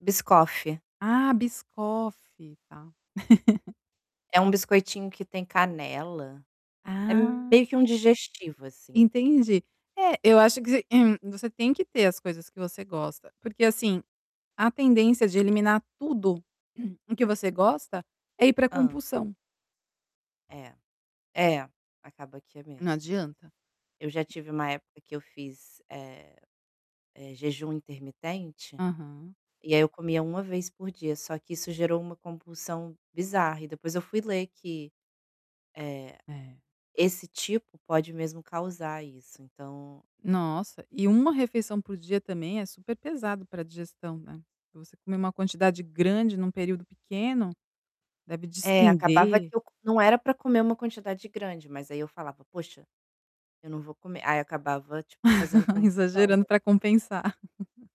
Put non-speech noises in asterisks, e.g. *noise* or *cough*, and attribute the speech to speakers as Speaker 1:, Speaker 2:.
Speaker 1: Biscoff.
Speaker 2: Ah, Biscoff, tá.
Speaker 1: É
Speaker 2: *laughs*
Speaker 1: um biscoitinho que tem canela. É
Speaker 2: Ah.
Speaker 1: meio que um digestivo, assim.
Speaker 2: Entendi. É, eu acho que você você tem que ter as coisas que você gosta, porque, assim, a tendência de eliminar tudo *clears throat* o que você gosta é ir pra
Speaker 1: Hã?
Speaker 2: compulsão.
Speaker 1: É, é, acaba que é
Speaker 2: Não
Speaker 1: mesmo.
Speaker 2: adianta.
Speaker 1: Eu já tive uma época que eu fiz, eh eh, jejum intermitente,
Speaker 2: Aham.
Speaker 1: e aí eu comia 1 vez por dia, só que isso gerou uma compulsão bizarra e depois eu fui ler que, eh,
Speaker 2: É.
Speaker 1: esse tipo pode mesmo causar isso, então
Speaker 2: Nossa, e 1 refeição por dia também é super pesado pra digestão, né. Você comer uma quantidade grande em um período pequeno deve
Speaker 1: É, acabava
Speaker 2: desprender
Speaker 1: que eu co não era pra comer uma quantidade grande, mas aí eu falava: "Poxa, eu não vou comer.", aí eu acabava, tipo, fazendo
Speaker 2: *chuckles*
Speaker 1: compulsão
Speaker 2: Exagerando
Speaker 1: mesmo.
Speaker 2: pra compensar. *chuckles*